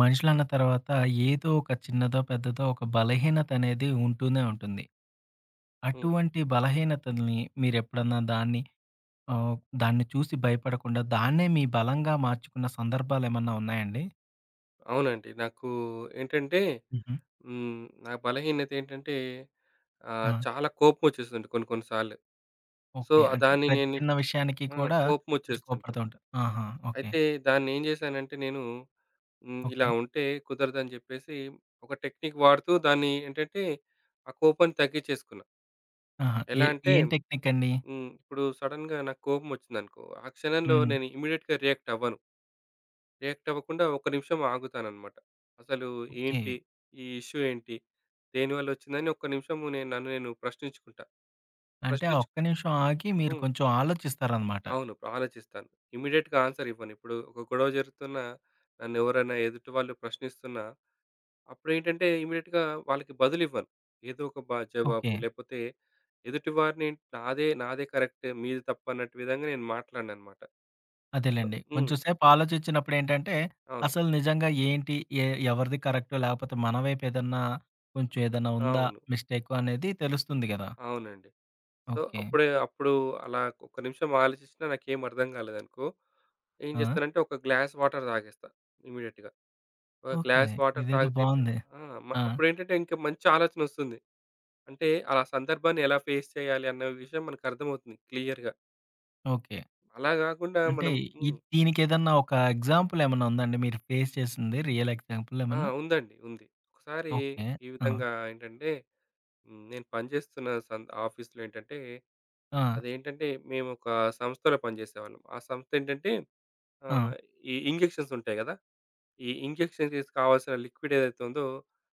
మనుషులన్న తర్వాత ఏదో ఒక చిన్నదో పెద్దదో ఒక బలహీనత అనేది ఉంటూనే ఉంటుంది. హ్మ్. అటువంటి బలహీనతల్ని మీరు ఎప్పుడన్నా దాన్ని ఆహ్, దాన్ని చూసి భయపడకుండా దాన్నే మీ బలంగా మార్చుకున్న సందర్భాలు ఏమన్నా ఉన్నాయండి? అవునండి. నాకు ఏంటంటే హుహు. హ్మ్. నా బలహీనత ఏంటంటే ఆహ్, ఆ! చాలా కోపం ఒచ్చేసిదండి కొన్ని కొన్ని సార్లు. So okay. అంటే దాన్ని ప్రతి నేని చిన్న విషయానికి ఆ! కూడా కోపం కొంచెం కోప్పడుతూ ఒచ్చేస్తుంటది. ఉంటారు. ఆహా! ఓకే. అయితే దాన్ని ఏం జేశానంటే నేను హ్మ్. ఇలా ఓకే. ఉంటే కుదరదని జెప్పేసి ఒక టెక్‌నిక్ వాడుతూ దాన్ని ఏంటంటే ఆ కోపం తగ్గించేసుకున్నా. ఆహా! ఏ ఎలా అంటే? ఏం టెక్‌నిక్ అండి? హ్మ్. ఇప్పుడు సడెన్‌గా నాకు కోపం ఒచ్చిందనుకో ఆ క్షణంలో హ్మ్. నేను ఇమ్మీడియేట్‌గా రియాక్ట్ అవ్వను. రియాక్ట్ అవ్వకుండా ఒక్క నిమిషం ఆగుతానన్నమాట. అసలు ఏంటి ఓకే. ఈ ఇష్యూ ఏంటి? దేనివల్ల ఒచ్చింది? అని ఒక్క నిమిషం నేను నన్ను నేను ప్రశ్నించుకుంటా. అంటే ఫస్ట్ ఆ చూ ఒక్క నిమిషం ఆగి మీరు హ్మ్. కొంచెం ఆలోచిస్తారన్నమాట. అవును. ఆలోచిస్తాను. ఇమ్మీడియేట్‌గా ఆన్సర్ ఇవ్వను. ఇప్పుడు ఒక గొడవ జరుగుతున్నా నన్ను ఎవరైనా ఎదుటివాళ్ళు ప్రశ్నిస్తున్నా అప్పుడేంటంటే ఇమ్మీడియేట్‌గా వాళ్ళకి బదులివ్వను. ఏదో ఒక బ జవాబు ఓకే. లేపోతే ఎదుటివారినేన్ నాదే, నాదే కరెక్టే మీది తప్పు అన్నట్టు విధంగా నేను మాట్లాడనన్నమాట. గ అదేలెండి. హ్మ్. కొంచెం సేపు ఆలోచించినప్పుడేంటంటే అవును. అసలు నిజంగా ఏంటి? ఎ ఎవరిది కరెక్ట్? లేకపోతే మన వైపు ఏదన్నా కొంచెం ఏదన్నా ఉందా అవును. మిస్‌టేక్ అనేది తెలుస్తుంది గదా! అవునండి. So okay. అప్పుడే అప్పుడు అలా ఒక్క నిమిషం ఆలోచించినా నాకేమి అర్థం గాలేదనుకో ఏం ఆ! జేస్తానంటే ఒక గ్లాస్ వాటర్ దాగేస్తా ఇమ్మీడియేట్‌గా. ఒక ఓకే. గ్లాస్ వాటర్ ఇదేదో తాగితేంటే బావుందే. ఆ! ఆ! అప్పుడేంటంటే ఇంకా మంచి ఆలోచనొస్తుంది. అంటే అల సందర్భాన్ని ఎలా ఫేస్ చేయాలి అన్న విషయం మనకర్థమవుతుంది క్లియర్‌గా. ఓకే. అలా గాకుండా అంటే మనం హ్మ్. ఇద్ దీనికెదన్నా ఒక ఎగ్జాంపుల్ ఏమన్నా ఉందా అండి? మీరు ఫేస్ చేసింది. రియల్ ఎగ్జాంపుల్ ఆ! ఏమన్నా? ఉందండి. ఉంది. ఒకసారి ఓకే. ఈ ఆ! విధంగా ఏంటంటే, నేను పనిచేస్తున్న సం ఆఫీస్‌లో ఏంటంటే, ఆ! అదేంటంటే మేము ఒక సంస్థలో పనిజేసేవాళ్ళం. ఆ సంస్థ ఏంటంటే? ఆహ్, ఆ! ఈ ఇంజెక్షన్స్ ఉంటాయి గదా! ఈ ఇంజెక్షన్ చేసే కావాల్సిన లిక్విడ్ ఏదైతే ఉందో.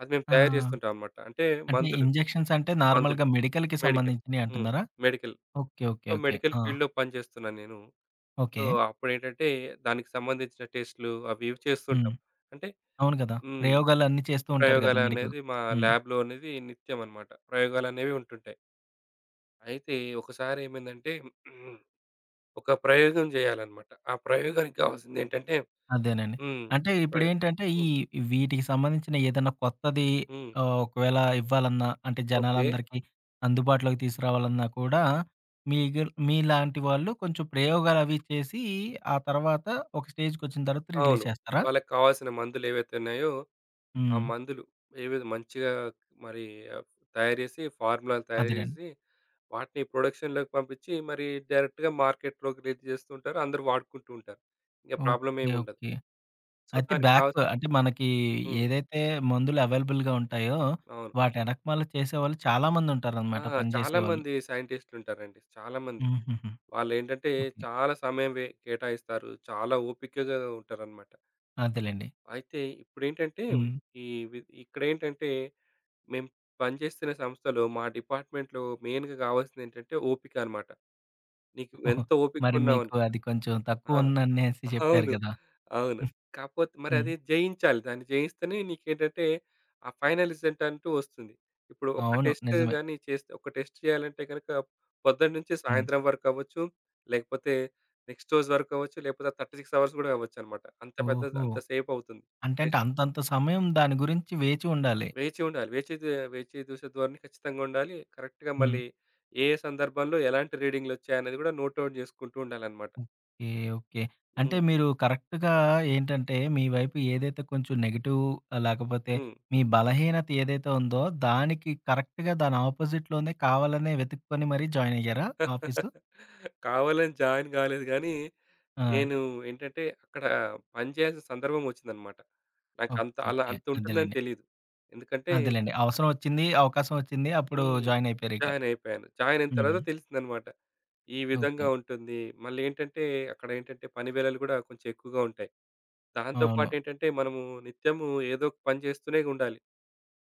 అది మేము ఆ! తయారు చేస్తుంటాం అనమాట. అంటే అంటే మందులు, ఇంజెక్షన్స్ అంటే మందులు, నార్మల్‌గా మెడికల్‌కి మెడికల్. హ్మ్. సంబంధించినయంటున్నారా? Medical. Okay. Okay. So, okay. Medical ఆ! ఫీల్డ్‌లో పనిజేస్తున్నాను నేను. So, okay. అప్పుడేటంటే దానికి సంబంధించిన టెస్ట్‌‌‌లు అవి ఇవి హ్మ్. చేస్తుంటాం. అంటే అవును కదా! హ్మ్. ప్రయోగాలు అన్నీ చేస్తూ ఉంటారు కదా! మెడికల్ ప్రయోగాలనేవి మా హ్మ్. లాబ్‌లో అనేది నిత్యం అనమాట. ప్రయోగాలనేవి ఉంటుంటాయి. అయితే, ఒకసారి ఏమైందంటే? ఒక ప్రయోగం జేయాలన్నమాట. ఆ ప్రయోగానికి కావాల్సింది ఏంటంటే అదేనండి. హ్మ్. అంటే, ఒక ప్రయోగం. ఇప్పుడేంటంటే, ఈ హ్మ్. వీటికి సంబంధించిన ఏదైనా కొత్తది హ్మ్. ఆహ్, ఒకవేళ ఇవ్వాలన్నా, అంటే ఓకే. జనాలందరికీ అందుబాటులోకి తీసుకురావాలన్నా కూడా, మీగర్ మీలాంటి వాళ్ళు కొంచెం ప్రయోగాలు అవి చేసి, ఆ తర్వాత ఒక స్టేజ్‌కి ఒచ్చిన తర్వాత రిలీజ్ అవును. చేస్తారా? వాళ్ళకి కావాల్సిన మందులు ఏవైతే ఉన్నాయో, ఆ హ్మ్. మందులు ఏవేవి మంచిగా మరి ఆహ్, ఫ్ తయారు చేసి, ఫార్ములాలు తయారు అదేనండి. చేసి వాటిని ప్రొడక్షన్‌లోకి పంపిచి, మరీ డైరెక్ట్‌గా మార్కెట్‌లోకి రిలీస్ జేస్తుంటారు. అందరూ వాడుకుంటుంటారు. ఇంక ప్రాబ్లమ్ ఏం ఓకే. ఉండదు. ఓకే. సో, అయితే దానికా బ్యాక్ అంటే మనకి హ్మ్. ఏదైతే మందులు అవైలబుల్‌‌‌‌గా ఉంటాయో, అవును. వాటి ఎనకమాల చేసేవాళ్ళు చాలామంది ఆ! ఉంటారనమాట పని జేసేవాళ్ళు. చాలామంది సైంటిస్ట్‌లు ఉంటారండి. చాలామంది హుహుహు. వాళ్లేంటంటే, ఓకే. చాలా సమయం వె కేటాయిస్తారు. చాలా ఓపికగా ఉంటారన్నమాట. అంతేలెండి. అయితే ఇప్పుడేంటంటే హ్మ్. ఈ వి ఇక్కడ ఏంటంటే మేము పనిచేస్తున్న సంస్థలో మా డిపార్ట్మెంట్‌లో మె‌యిన్‌గా గావాల్సింది ఏంటంటే ఓపికన్నమాట. నీకు ఎంత ఓపికగా మరి ఉన్నావను మీకు అది కొంచెం ఆ! తక్కువ ఉంది అనేసి చెప్పారు అవును. గదా! అవును. కాకపోతే మరి హ్మ్. అది జయించాలి. దాన్ని జయిస్తేనే నీకు ఏంటంటే ఆ ఫైనల్ రిజల్ట్ అంటూ ఒస్తుంది. ఇప్పుడు ఒక అవును. టెస్ట్ నిజమే. గాని చేస్తే, ఒక టెస్ట్ జేయాలంటే గనుక పొద్దున్న నుంచి హ్మ్. సాయంత్రం వరకవ్వచ్చు. లేకపోతే నెక్స్‌ట్ రోజు వరకవ్వచ్చు. లేకపోతే 36 అవర్స్ గూడా అవ్వొచ్చన్నమాట. అంత పెద్ద, ఓహో! అంత సేపు అవుతుంది అంటే టెస్ట్. అంతంత సమయం దాని గురించి వేచి ఉండాలి. వేచి ఉండాలి. వేచి జూ వేచి జూషె ధోరణి ఖచ్చితంగుండాలి. కరెక్ట్‌గా హ్మ్. మళ్ళీ ఏ ఏ సందర్భంలో ఎలాంటి రీడింగ్‌లు ఒచ్చాయన్నది కూడా నోట్‌అవుట్ జేసుకుంటూ ఉండాలన్నమాట. ఓకే. ఓకే. అంటే హ్మ్. మీరు కరెక్ట్‌గా ఏంటంటే మీ వైపు ఏదైతే కొంచెం నెగెటివ్ లేకపోతే హ్మ్. మీ బలహీనత ఏదైతే ఉందో దానికి కరెక్ట్‌గా దాని అపోజిట్‌లోనే కావాలనే వెతుక్కొని మరి జాయినయ్యారా ఆఫీసు? కావాలని జాయిన్ గాలేదు కానీ, ఆ! నేను ఏంటంటే అక్కడ పని చేయాల్సిన సందర్భం ఒచ్చిందన్నమాట. నాకు ఓకే. అంత అలా ఓకే. అంత ఉంటుందని అదేలెండి. తెలియదు. ఎందుకంటే అదేలెండి. అవసరం ఒచ్చింది, అవకాశం ఒచ్చింది అప్పుడు హ్మ్. జాయినయిపోయారు ఇక. జాయినయిపోయాను. జాయినయిన హ్మ్. తర్వాత తెలిసిందనమాట. ఈ ఓకే. విధంగా ఉంటుంది. మళ్ళీ ఏంటంటే, అక్కడ ఏంటంటే పని వేళలు కూడా కొంచెం ఎక్కువగా ఉంటాయి. దాంతో పాటు అవును. ఏంటంటే మనము నిత్యము ఏదోక పని జేస్తూనే ఉండాలి.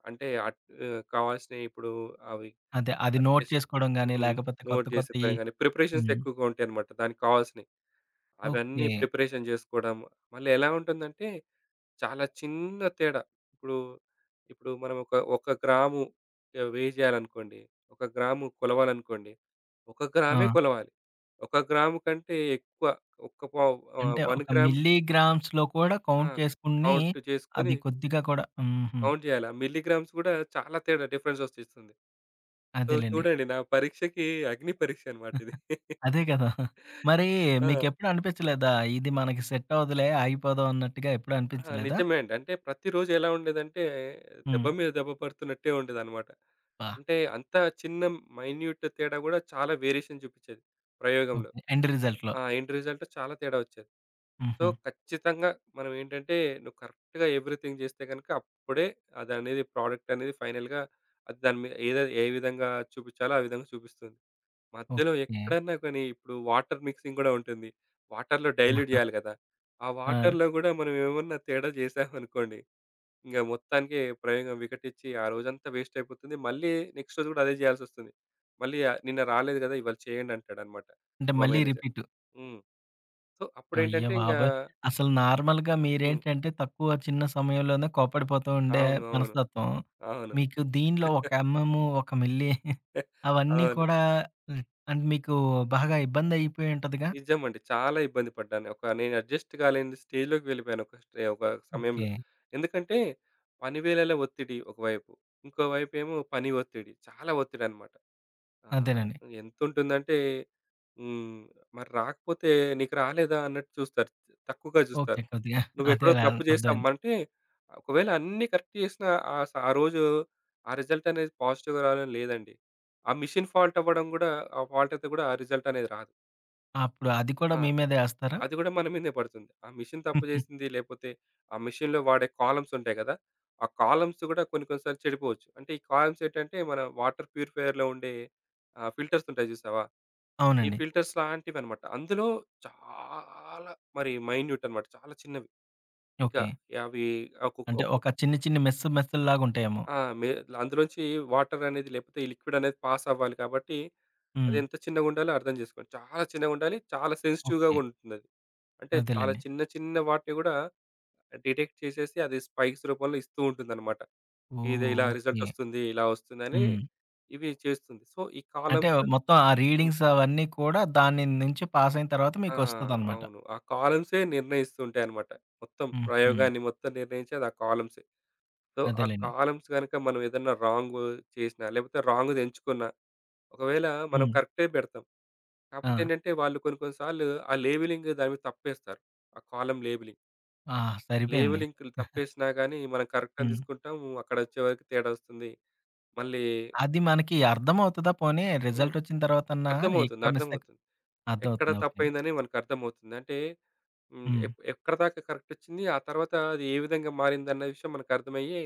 అంటే ఆహ్, కావాల్సినవి ఇప్పుడు అవి అదే. అది నోట్ టేస్ట్ చేసుకోవడం గాని హ్మ్ లేకపోతే కొత్త నోట్ కొత్తయి జేసుకొడము గాని ప్రిపరేషన్స్ హ్మ్. ఎక్కువగా ఉంటాయన్నమాట. దానికి కావాల్సినయి. అవన్నీ ఓకే. ప్రిపరేషన్ జేసుకోవడం మళ్ళీ ఎలా ఉంటుందంటే చాలా చిన్న తేడా. ఇప్పుడు, ఇప్పుడు మనం ఒక ఒక గ్రాము వేయ్ జేయాలనుకోండి ఒక గ్రాము కొలవాలనుకోండి ఒక గ్రామే ఆ! కొలవాలి. ఒక గ్రాము కంటే ఎక్కువ ఒక పావు ఆహ్, అంటే 1 ఒక గ్రామ్ మిల్లీ గ్రామ్స్‌లో కూడా ఆ! కౌంట్ చేసుకొని కౌంటు చేసుకొని అది కొద్దిగా కూడా హుహు. కౌంట్ జేయాలా మిల్లీ గ్రామ్స్ కూడా చాలా తేడా డిఫరెన్స్ ఒచ్చేస్తుంది. సో, అదేలెండి. చూడండి నా పరీక్షకి అగ్ని పరీక్షనమాట ఇది. అదే కదా! మరి ఆ! మీకెఎప్పుడు అనిపించలేదా ఇది మనకు సెట్ అవ్వదులే ఆగిపోదాం అన్నట్టుగా ఎప్పుడు ఆ! అనిపించలేదా? నిజమే అండి. అంటే ప్రతిరోజు ఎలా ఉండేదంటే దెబ్బ హ్మ్. మీద దెబ్బ పడుతున్నట్టే ఉండేదన్నమాట. బ్బా! అంటే అంత చిన్న మైన్యూట్ తేడా కూడా చాలా వేరియేషన్ జూపించేది ప్రయోగంలో. ఓకే. ఎండ్ రిజల్ట్‌లో ఆ ఎండ్ రిజల్ట్ చాలా తేడా ఒచ్చేది. సో, హుహు. ఖచ్చితంగా మనం ఏంటంటే నువ్వు కరెక్ట్‌‌గా ఎవరీథింగ్ జేస్తే గనుక అప్పుడే అది అనేది ప్రొడక్ట్ అనేది ఫైనల్‌గా దాని మీద ఏ ఏ విధంగా చూపించాలో ఆ విధంగా చూపిస్తుంది. మధ్యలో ఓకే. ఎక్కడన్న కానీ ఇప్పుడు వాటర్ మిక్సింగ్ కూడా ఉంటుంది. వాటర్‌లో డైల్యూట్ జేయాలి గదా ఆ ఆ! వాటర్‌లో కూడా మనం ఏమన్నా తేడా జేసామనుకోండి ఇక మొత్తానికి ప్రయోగం వికటిచ్చి ఆ రోజంతా వేస్ట్ అయిపోతుంది. మళ్ళీ నెక్స్ట్ రోజు కూడా అదే జేయాల్సి ఒస్తుంది మళ్ళీ నిన్న రాలేదు కదా! ఇవాళ చేయండి అంటాడన్నమాట అంటే మా మళ్ళీ మేనేజర్ రిపీటూ. హ్మ్. సో, అప్పుడేంటంటే ఇంగా అయ్యోబాబోయ్! అసలు నార్మల్‌గా హ్మ్. మీరేంటంటే తక్కువ చిన్న సమయంలోనే కోప్పడిపోతూ ఉండే అవును. అవును. మనస్తత్వం. అవును. మీకు దీనిలో ఒక ఎమ్‌ఎమ్ ఒక మిల్లీ అవన్నీ అవును. కూడా మీకు బాగా ఇబ్బంది అయిపోయుంటదిగా? నిజమండి. చాలా ఇబ్బంది పడ్డాను. ఒక నేను అడ్జస్ట్ గాలేని స్టేజ్‌లోకి వెళ్ళిపోయాను ఒక స్టే ఒక సమయంలో. ఓకే ఎందుకంటే పని వేళల ఒత్తిడి ఒకవైపు. ఇంకో వైపు ఏమో పని ఒత్తిడి చాలా ఒత్తిడన్నమాట. ఆహ్, అంతేనండి. ఎంతుంటుందంటే హ్మ్. మరి రాకపోతే నీకు రాలేదా అన్నట్టు చూస్తారు. తక్కువగా ఓకే. జూస్తారు. కొద్దిగా నువ్వు ఎక్కడో అదేలే ఆహ్, తప్పు అర్థం అయింది. జేసామంటే ఒకవేళ అన్నీ కరెక్ట్ జేసినా ఆ స ఆ రోజు ఆ రిజల్ట్ అనేది పాజిటివ్‌గా రావాలని లేదండి. ఆ మాషీన్ ఫాల్ట్ అవ్వడం గూడా ఆ ఫాల్ట్ అయితే గూడా ఆ రిజల్ట్ అనేది రాదు. అప్పుడు అది కూడా ఆ! మీ మీదే ఏస్తారా? అది గూడా మన మీదే పడుతుంది. ఆ మెషీన్ తప్పుచేసింది. లేపోతే ఆ మెషీన్‌లో వాడే కాలమ్స్ ఉంటాయి గదా! ఆ కాలమ్స్ గూడా కొన్ని కొన్ని సార్లు చెడిపోవచ్చు. అంటే ఈ కాలమ్స్ ఏంటంటే మన వాటర్ ప్యూరిఫైయర్‌లో ఉండే ఆహ్, ఫిల్టర్స్ ఉంటాయి జూసావా? ఈ అవునండి. ఫిల్టర్స్ లాంటివన్నమాట. అందులో చాలా మరి మైన్యూటన్నమాట. చాలా చిన్నవి. ఇంకా ఓకే. యవి అంటే అకుకొకు ఒక చిన్ని చిన్ని మెస్ మెస్‌లాగుంటాయేమో. ఆ! మే అందులోంచి వాటర్ అనేది లేకపోతే ఈ లిక్విడ్ అనేది పాస్ అవ్వాలి కాబట్టి అది హ్మ్. ఎంత చిన్నగుండాలో అర్థం జేసుకోండి. చాలా చిన్నగా ఉండాలి. చాలా సెన్సిటివ్‌గా ఓకే. గూడా ఉంటుందది. అంటే చాలా అదేలెండి. చిన్న చిన్న వాటిని గూడా డిటెక్ట్ చేసేసి అది స్పైక్స్ రూపంలో ఇస్తూ ఉంటుందన్నమాట. ఇది ఓహ్! ఇలా రిజల్ట్ ఓకే. ఒస్తుంది. ఇలా ఒస్తుంది అని హ్మ్. ఇవి చేస్తుంది. సో ఈ అంటే కాలమ్స్ ఆహ్, మొత్తం ఆ హ్మ్. రీడింగ్స్ అవన్నీ కూడా దాని నుంచి పాస్ అయిన తరువాత ఆ! మీకొస్తదన్నమాట. అవును. ఆ కాలమ్సే నిర్ణయిస్తూ ఉంటాయన్నమాట. మొత్తం హుహు. ప్రయోగాన్ని మొత్తం నిర్ణయించేది ఆ కాలమ్సే. సో ఆ అదేలెండి. కాలమ్స్ గనక మనం ఏదన్నా రాంగు చేసినా లేకపోతే రాంగ్‌ది ఎంచుకున్నా ఒకవేళ మనం హ్మ్. కరెక్టే పెడతాం కాకపోతే ఆ! ఏంటంటే వాళ్ళు కొన్ని కొన్ని సార్లు ఆ లేబెలింగ్ దానిమీద తప్పేస్తారు. ఆ కాలమ్ లేబెలింగ్. ఆ! లేవు సరిపోయింది. లింక్‌లు తప్పేసినా, గాని మనం కరెక్ట్ అని హ్మ్. దిసుకుంటాం. అక్కడొచ్చే వరకు తేడా ఒస్తుంది. మళ్ళీ అది మనకి అర్థం అవుతదా? పోనీ హ్మ్. రిజల్టొచ్చిన తరువాత అన్న, అర్థమవుతుంది. ఎక్కడ మిస్‌టేక్ అర్థమవుతుంది. అర్థం ఎక్కడ అవుతుందా. ఓకే. తప్పైందని మనకర్థమవుతుంది. అంటే హ్మ్, హ్మ్. ఎక్ ఎక్కడిదాకా కరెక్ట్ ఇచ్చింది. ఆ తరువాత అది ఏ విధంగా మారిందన్న విషయం మనకు అర్థమయ్యే,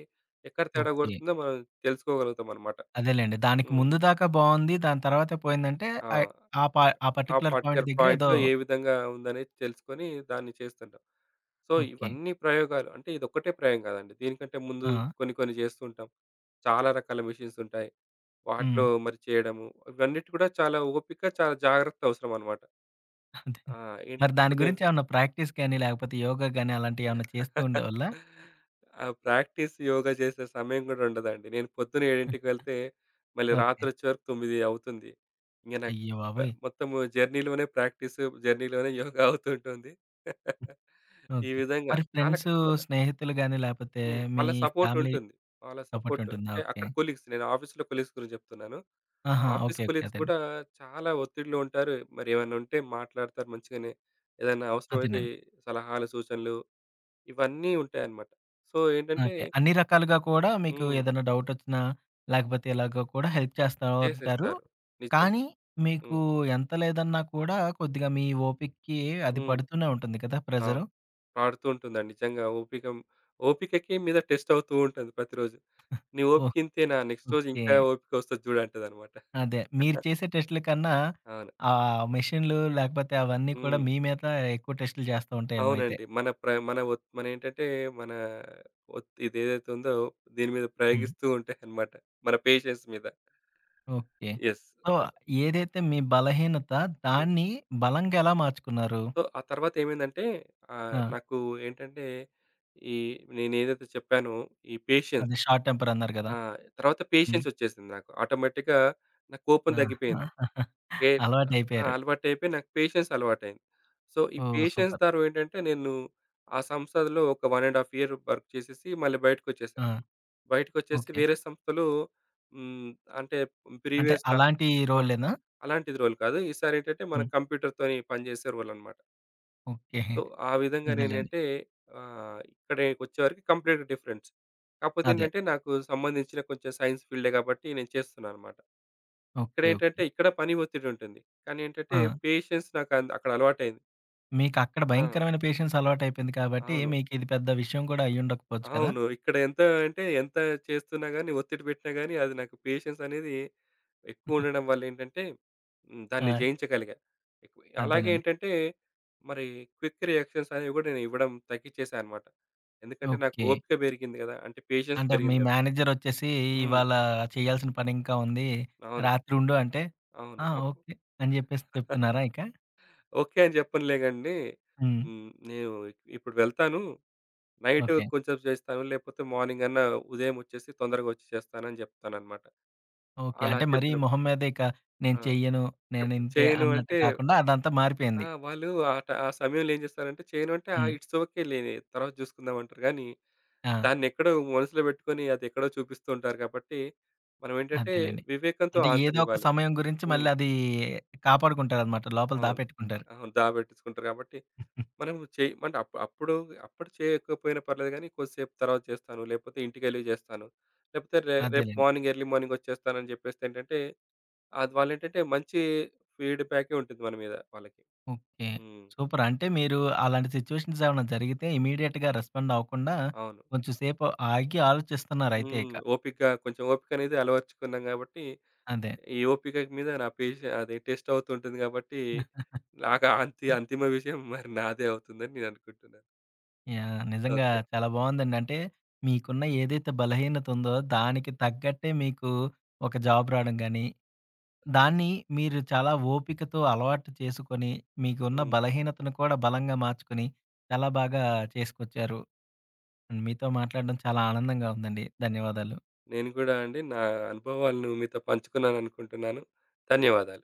ఎక్కడ తేడా ఓకే. కొడుతుందో, మనం తెలుసుకోగలుగుతామన్నమాట. అదేలెండి. దానికి హ్మ్. ముందు దాకా బావుంది. దాని తర్వాత పోయిందంటే, ఆ! ఆయ్ ఆ పా పా ఆ పార్టిక్యులర్ పాయింట్ పార్టిక్యులర్ దగ్గర ఏదో పాయింట్‌లో, ఏ విధంగా ఉందనేది తెలుసుకొని దాన్ని చేస్తుంటాం. So, okay. ఇవన్నీ ప్రయోగాలు, అంటే ఇదొక్కటే ప్రయోగం గాదండి. దీనికంటే ముందు ఆ! కొన్ని, కొన్ని జేస్తుంటాం. చాలా రకాల మెషీన్సుంటాయి. వాటిలో హ్మ్. మరి చేయడము, ఇవన్నిటికీ కూడా చాలా ఓపిక, చాలా జాగ్రత్త అవసరమన్నమాట. అదే. ఆ! ఏంటి మరి దాని ఇప్పుడు నేను గురించేమన్నా ప్రాక్టీస్ కానీ, లేకపోతే యోగ గాని అలాంటివి ఏమన్నా చేస్తూ ఉండేవాళ్ళ? ఆ ప్రాక్టీస్, యోగ జేసే సమయం గూడా ఉండదండి. నేను పొద్దున్న 7కి వెళ్తే, మళ్ళీ ఓకే. రాత్రొచ్చే వరకు 9 అవుతుంది. ఇంగ నాకు మ అయ్యబాబోయ్! మొత్తం జర్నీ‌లోనే ప్రాక్టీస్, జర్నీ‌లోనే యోగ అవుతుంటుంది. హ్మ్. ఈ ఓకే. విధంగా మరి చాలా ఫ్రెండ్స్ కష్టపడ్డా. స్నేహితులు గాని, లేపోతే హ్మ్. మీ వాళ్ళ సపోర్ట్ ఫ్యామిలీ ఉంటుంది. వాళ్ళ సపోర్ట్ సపోర్ట్ ఉంటుందా. అంటే, అక్కడ ఓకే. కొలీగ్స్ నేను ఆఫీస్‌లో కొలీగ్స్ గురించి జేప్తున్నాను. ఆహా! Office okay. ఓకే. కొలీగ్స్ అదేండి. కూడా చాలా ఒత్తిడిలో ఉంటారు. మరి ఏమన్నా ఉంటే, మాట్లాడతారు మంచిగానే. ఏదైనా అవసరమైతే అదేనండి. సలహాలు, సూచనలు ఇవన్నీ ఉంటాయన్నమాట. సో, ఏంటంటే ఓకే. అన్ని రకాలుగా కూడా, మీకు హ్మ్. ఏదైనా డవుటొచ్చినా, లేకపోతే ఇలాగో కూడా హెల్ప్ చేస్తా ఉంటారు. జేసేస్తారు. నిజంగా. కానీ, మీకు హ్మ్. ఎంత లేదన్నా కూడా, కొద్దిగా మీ ఓపికకి అది హ్మ్. పడుతూనే ఉంటుంది కదా! అవును. ప్రెజరు? పాడుతూ ఉంటుందండి. నిజంగా ఓపికం ఓపికకి మీద టెస్ట్ అవుతూ ఉంటది ప్రతిరోజు. ఆ! నీ ఓపిక ఓహ్! ఇంతేనా నెక్స్ట్ రోజు ఓకే. ఇంకా ఓపికొస్తది జూడు అంటదన్నమాట. అదే. మీరు చేసే టెస్ట్‌లకన్నా, అవును. ఆ మెషిన్‌లు లేకపోతే, అవన్నీ కూడా హ్మ్. మీ మీద ఎక్కువ టెస్ట్‌లు జేస్తా ఉంటాయేమో అయితే. అవునండి. మన ప్ర మన ఒ మన ఏంటంటే, మన ఒత్ ఇది ఏదైతే ఉందో దీని మీద హ్మ్. ప్రయోగిస్తూ ఉంటాయన్నమాట. మన పేషెన్స్ మీద. ఓకే. యెస్. సో, దో ఏదైతే మీ బలహీనత హ్మ్. దాన్ని బలంగా ఎలా మార్చుకున్నారు? సో, ఆ తర్వాత ఏమైందంటే ఆహ్, ఆ! నాకు ఏంటంటే, ఈ నేనేదైతే చెప్పానో ఈ పేషెన్స్ అది షార్ట్ టెంపరన్నారు గదా! ఆ! తరువాత హ్మ్. పేషెన్సొచ్చేసింది నాకు. ఆటోమేటిక్‌గా నాకు కోపం ఆ! దగ్గిపోయింది. ఏ ఆ! అలవాటయిపోయారు. అలవాటైపోయి నాకు పేషెన్స్ అలవాటయింది. సో, ఈ ఓహ్! Patience super. ద్వారా ఏంటంటే నేను, ఆ సంస్థలో ఒక 1 ½ ఇయర్ వర్క్ చేసేసి, మళ్ళీ బయటికొచ్చేసా. ఆ! బయటకొచ్చేసి ఓకే. వేరే సంస్థలు హ్మ్, అంటే అంటే ప్రీవియస్‌గా అలాంటి ఆ! రోలేనా? అలాంటిది రోల్ కాదు. ఈసారి ఏంటంటే, మన హ్మ్. కంప్యూటర్‌తోని పనిజేసే రోలన్నమాట. ఓకే. సో ఆ విధంగా అదేలెండి. నేనయితే ఆహ్, ఇక్కడే ఒచ్చేవరకి కంప్లీట్‌గా డిఫరెన్స్. కాకపోతే అదే. ఏంటంటే నాకు సంబంధించిన కొంచెం సైన్స్ ఫీల్డే కాబట్టి నేను చేస్తున్నానన్నమాట. ఓకే. ఓకే. ఇక్కడేంటంటే ఇక్కడ పని ఒత్తిడి ఉంటుంది. కానీ ఏంటంటే ఆ! పేషెన్స్ నాకంద్ అక్కడలవాటయింది. మీకు అక్కడ ఆ! భయంకరమైన పేషెన్స్ అలవాటు అయిపోయింది కాబట్టి అవును. మీకు ఇది పెద్ద విషయం కూడా అయ్యి ఉండకపోవచ్చు కదా? అవును. ఇక్కడ ఎంత అంటే ఎంత చేస్తున్నా గాని ఒత్తిడి పెట్టినా గాని అది నాకు పేషెన్స్ అనేది ఎక్కువ ఉండడం వల్ల ఏంటంటే హ్మ్. దాన్ని ఆ! జయించగలిగా. ఎ అలాగే అంతేనండి. ఏంటంటే మరి క్విక్ రియాక్షన్స్ అనేవి కూడా నేనివ్వడం తగ్గించేసాన్నమాట. ఎందుకంటే నాకు ఓకే. ఓపిక పెరిగింది కదా! అంటే పేషెన్స్ అంటే మీ పెరిగింది కదా! మేనేజర్ వచ్చేసి ఈ హ్మ్. ఇవాళ చేయాల్సిన పని ఇంకా ఉంది. అవును. రాత్రి ఉండు అంటే అవును. ఆ! అప్ ఓకే అని జెప్పేసి చెప్తున్నారా ఇక? ఓకే. అని చెప్పనులేగ అండి. హ్మ్. హ్మ్. నేను ఇప్పుడు వెళ్తాను. Night okay. కొద్దిసేపు చేస్తాను లేకపోతే మార్నింగ్ అన్నా ఉదయం ఒచ్చేసి తొందరగా ఒచ్చి చేస్తాను అని చెప్తానన్నమాట. ఓకే. అలా అంటే మరి చెప్పినప్పుడు మొహం మీదే ఇక నేను ఆ! చెయ్యను. నేను చెప్ప్ ఇంతే చేయను అన్నట్టు అంటే కాకుండా అదంతా ఆ! మారిపోయింది. వాళ్ళు ఆహ్, ఆ సమయంలో ఏం జేస్తారంటే చేయను అంటే హ్మ్. ఇట్స్ ఓకే లేవే తరువాత చూసుకుందామంటారు గాని, ఆ! దాన్ని ఎక్కడో మనసులో పెట్టుకొని అది ఎక్కడో చూపిస్తూ ఉంటారు కాబట్టి మనం ఏంటంటే అదేలెండి. వివేకంతో అంటే అన్సర్ ఏదో ఒక ఇవ్వాలి. సమయం గురించి హ్మ్. మళ్ళీ అదీ కాపాడుకుంటారన్నమాట లోపల అవును. దాపెట్టుకుంటారు. అవును. దాపెట్టించుకుంటారు కాబట్టి. మనం చేయిమంటే అప్ అప్పుడు అప్పుడు చెయ్యకపోయినా పర్లేదు కానీ కొద్దిసేపు తర్వాత చేస్తాను. లేకపోతే ఇంటికెళ్లి చేస్తాను. లేకపోతే రే రేపు అదేలెండి. మార్నింగ్ ఎర్లీ మార్నింగ్ ఒచ్చేస్తాను అని జెప్పేస్తే ఏంటంటే అద్ వాళ్ళేంటంటే మంచి ఫీడ్‌బ్యాకే ఉంటుంది మన మీద వాళ్ళకి. ఓకే. హ్మ్. సూపర్ అంటే మీరు అలాంటి సిచువేషన్స్ ఏమైనా జరిగితే ఇమ్మీడియేట్‌గా రెస్పాండ్ అవ్వకుండా అవును. కొంచెం సేపు ఆగి ఆలోచిస్తున్నారయితే ఇక. హ్మ్. ఓపిక కొంచెం ఓపిక అనేది అలవరచుకున్నాం కాబట్టి అదే. ఈ ఓపికకు మీద నా పెషే అది టెస్ట్ అవుతుంటుంది కాబట్టి నాకు ఆ అంతి అంతిమ విషయం మరి నాదే అవుతుందని నేను అనుకుంటున్నాను. యాహ్! నిజంగా ఓకే. చాలా బావునదండి. అంటే మీకున్న ఏదైతే బలహీనతుందో దానికి తగ్గట్టే మీకు ఒక జాబ్ రావడం గానీ, దాన్ని మీరు చాలా ఓపికతో అలవాటు చేసుకొని మీకున్న హ్మ్. బలహీనతను కూడా బలంగా మార్చుకొని చాలా బాగా చేసుకొచ్చారు. హ్మ్. మీతో మాట్లాడడం చాలా ఆనందంగా ఉందండి. ధన్యవాదాలు. నేను కూడా అండి నా అనుభవాలను మీతో పంచుకున్నాను అనుకుంటున్నాను. ధన్యవాదాలు.